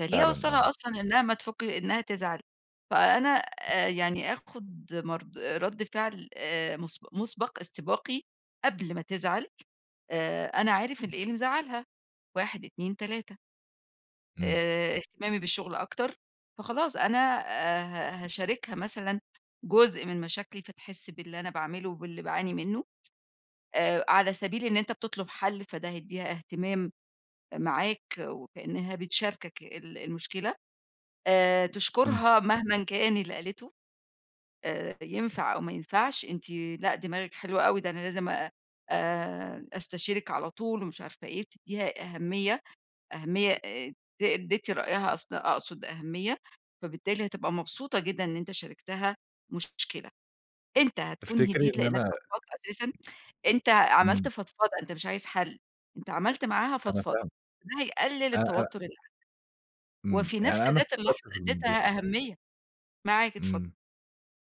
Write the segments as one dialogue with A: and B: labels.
A: أنت ليه
B: فعلًا آه.
A: اوصّلها أصلًا إنها ما تفك إنها تزعل، فأنا آآ، يعني آخد مرد رد فعل آآ، مسب مُسبق، استباقي، قبل ما تزعل، آآ، أنا عارف إن إيه اللي مزعلها، 1 2 3
B: إمم.
A: آآ، اهتمامي بالشغل أكتر، فخلاص أنا آآ، ه هاشاركها مثلًا جزء من مشاكلي، فتحس باللي أنا باعمله وباللي باعاني منه آآ، على سبيل إن أنت بتطلب حل، فده هيديها اهتمام معاك، وكأنها بتشاركك ال المشكلة. آآ،
B: إمم.
A: تشكرها مهمًا كان اللي قالته آآ، ينفع أو ما ينفعش، أنتِ لأ دماغِك حلوة أوي، ده أنا لازم أ آآ، أستشيرك على طول ومش عارفة إيه، وتديها أهمية، أهمية آآ، ت تدّي رأيها، اص أقصد أهمية، فبالتالي هتبقى مبسوطة جدًا إن أنت شاركتها مشكلة، أنت هتكون
B: تفتكري
A: هديت
B: إن
A: لإنك
B: أنا
A: فضفضت أساسًا، أنت عملت
B: إمم.
A: فضفضة، أنت مش عايز حل، أنت عملت معاها
B: أنا
A: فضفضة،
B: فاهمِك.
A: ده هيقلل
B: أ أ
A: التوتر اللي عندك،
B: إمم
A: وفي
B: يعني
A: نَفْس
B: أنا
A: ذات اللحظة
B: فكرت في الموضوع
A: اديتها أهمية، معاك اتفضل.
B: إمم.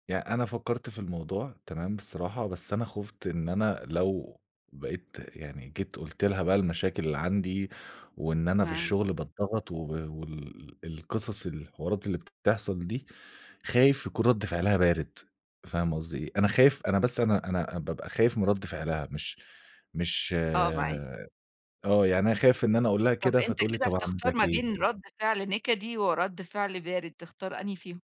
B: يعني أنا فكرت في الموضوع تمام بصراحة، بس أنا خُفت إن أنا لو بقيت يعني جيت قُلت لها بقى المشاكل اللي عندي، وإن أنا في
A: معاك.
B: الشغل باتضغط وب وال القصص الحوارات اللي بتحصل دي، خايف يكون رد فعلها بارد، فاهمة قصدي إيه؟ أنا خايف أنا بس أنا أنا بابقى خايف من رد فعلها، مش مش
A: آه معاك.
B: آه يعني أنا خايف إن أنا أقول لها
A: طَب
B: كده
A: أنت
B: فتقول لي
A: كده
B: طب أعمل
A: بتختار
B: لك
A: ما
B: إيه؟
A: بين رد فعل نِكدي، ورد فعل بارد تختار أنهي فيهم؟